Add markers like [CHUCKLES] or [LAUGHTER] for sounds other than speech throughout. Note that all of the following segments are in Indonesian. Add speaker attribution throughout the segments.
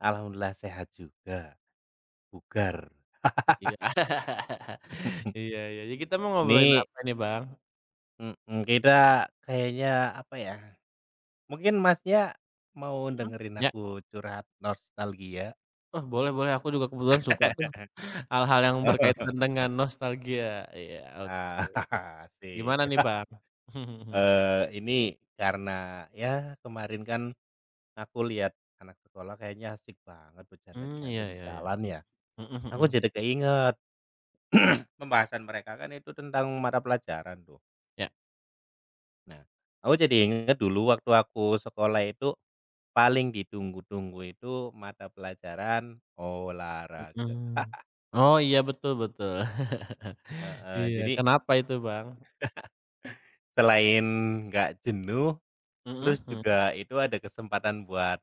Speaker 1: Alhamdulillah sehat juga. Bugar.
Speaker 2: Iya. [LAUGHS]
Speaker 1: [LAUGHS]
Speaker 2: Iya iya. Jadi kita mau ngobrolin
Speaker 1: Ini
Speaker 2: apa nih, Bang?
Speaker 1: Mhm kita kayaknya, apa ya, mungkin Masnya mau
Speaker 2: Mhm,
Speaker 1: dengerin
Speaker 2: iya.
Speaker 1: aku curhat nostalgia?
Speaker 2: Oh, boleh boleh. Aku juga kebetulan suka tuh, hal-hal
Speaker 1: [LAUGHS]
Speaker 2: yang
Speaker 1: Oh.
Speaker 2: berkaitan dengan
Speaker 1: [CHUCKLES]
Speaker 2: nostalgia. Iya,
Speaker 1: A
Speaker 2: oke.
Speaker 1: [CHUCKLES] asyik.
Speaker 2: Gimana nih,
Speaker 1: [CHUCKLES]
Speaker 2: Bang? [CHUCKLES]
Speaker 1: Eee ini karena ya kemarin kan, aku lihat anak sekolah kayaknya asyik banget
Speaker 2: Hmm, iya,
Speaker 1: bercanda-canda di
Speaker 2: ya ya.
Speaker 1: jalan ya.
Speaker 2: Mhm
Speaker 1: Aku
Speaker 2: mhm.
Speaker 1: jadi keinget. [CLEARS THROAT] Pembahasan mereka kan itu tentang mata pelajaran tuh.
Speaker 2: Iya.
Speaker 1: Nah, aku jadi inget dulu waktu aku sekolah itu, paling ditunggu-tunggu itu mata pelajaran olahraga.
Speaker 2: Mhm.
Speaker 1: [LAUGHS]
Speaker 2: Oh, iya betul betul. [CHUCKLES]
Speaker 1: Heeh.
Speaker 2: Iya,
Speaker 1: Jadi [LAUGHS]
Speaker 2: kenapa itu, Bang?
Speaker 1: Selain enggak jenuh,
Speaker 2: Mhm
Speaker 1: terus
Speaker 2: mhm.
Speaker 1: juga itu ada kesempatan buat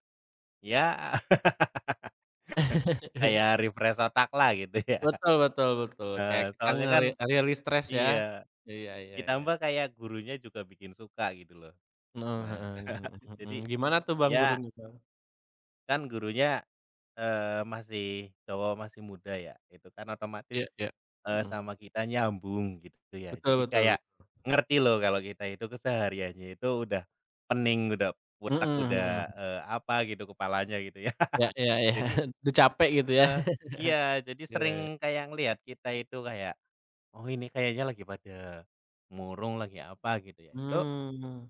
Speaker 1: ya, [LAUGHS]
Speaker 2: [LAUGHS]
Speaker 1: kayak refresh otak lah gitu ya.
Speaker 2: Betul betul betul. Kayak
Speaker 1: Heeh,
Speaker 2: kita
Speaker 1: soalnya kan
Speaker 2: ngere rilis stres ya?
Speaker 1: iya,
Speaker 2: Iya iya iya.
Speaker 1: ditambah kayak gurunya juga bikin suka gitu loh.
Speaker 2: Oh, [SMACKS LIPS]
Speaker 1: Nah,
Speaker 2: heeh, mhm
Speaker 1: [CHUCKLES]
Speaker 2: mhm.
Speaker 1: jadi
Speaker 2: Gimana tuh, Bang
Speaker 1: iya.
Speaker 2: gurunya, Bang?
Speaker 1: Kan gurunya, eee, masih cowok masih muda ya. Itu kan otomatis,
Speaker 2: Iya iya.
Speaker 1: eee,
Speaker 2: Mhm.
Speaker 1: sama kita nyambung gitu ya.
Speaker 2: Betul
Speaker 1: Jadi
Speaker 2: betul betul,
Speaker 1: kayak
Speaker 2: mhm.
Speaker 1: ngerti loh kalau kita itu kesehariannya itu udah pening, udah otak
Speaker 2: Mhm mhm.
Speaker 1: udah, eee, apa gitu kepalanya gitu ya.
Speaker 2: Iya iya iya.
Speaker 1: Jadi,
Speaker 2: [CHUCKLES] Udah capek gitu, ya?
Speaker 1: eee iya,
Speaker 2: [CHUCKLES]
Speaker 1: jadi
Speaker 2: Iya.
Speaker 1: sering kayak ngelihat kita itu kayak, "Oh ini kayaknya lagi pada murung, lagi apa," gitu ya. Itu
Speaker 2: Mmm.